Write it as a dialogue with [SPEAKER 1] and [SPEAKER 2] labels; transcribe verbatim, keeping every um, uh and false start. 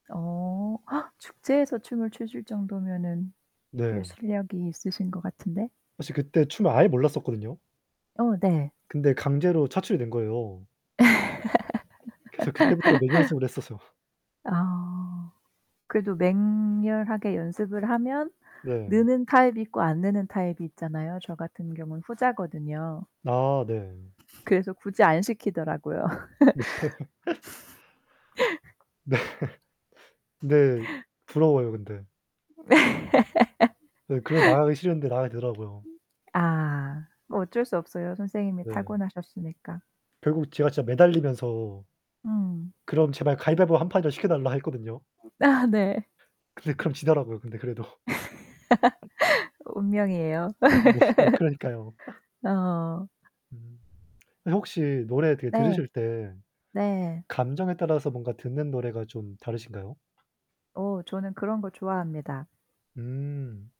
[SPEAKER 1] 어 축제에서 춤을 추실 정도면은 꽤
[SPEAKER 2] 네.
[SPEAKER 1] 실력이 있으신 것 같은데.
[SPEAKER 2] 사실 그때 춤을 아예 몰랐었거든요.
[SPEAKER 1] 어 네.
[SPEAKER 2] 근데 강제로 차출이 된 거예요. 그래서 그때부터 맹연습을 했었어요.
[SPEAKER 1] 아 그래도 맹렬하게 연습을 하면
[SPEAKER 2] 네.
[SPEAKER 1] 느는 타입이 있고 안 느는 타입이 있잖아요. 저 같은 경우는 후자거든요.
[SPEAKER 2] 아 네.
[SPEAKER 1] 그래서 굳이 안 시키더라고요.
[SPEAKER 2] 네. 네. 네. 부러워요 근데.
[SPEAKER 1] 음
[SPEAKER 2] 네. 그래서 나가기 싫은데 나가게 되더라고요.
[SPEAKER 1] 아, 뭐 어쩔 수 없어요. 선생님이
[SPEAKER 2] 네.
[SPEAKER 1] 타고나셨으니까.
[SPEAKER 2] 결국 제가 진짜 매달리면서
[SPEAKER 1] 음.
[SPEAKER 2] 그럼 제발 가위바위보 한 판이라도 시켜달라 했거든요.
[SPEAKER 1] 아, 네.
[SPEAKER 2] 근데 그럼 지더라고요 근데 그래도.
[SPEAKER 1] 운명이에요.
[SPEAKER 2] 네. 그러니까요.
[SPEAKER 1] 어.
[SPEAKER 2] 음. 선생님 혹시 노래 드
[SPEAKER 1] 네.
[SPEAKER 2] 들으실 때
[SPEAKER 1] 네.
[SPEAKER 2] 감정에 따라서 뭔가 듣는 노래가 좀 다르신가요?
[SPEAKER 1] 어 저는 그런거 좋아합니다.
[SPEAKER 2] 음.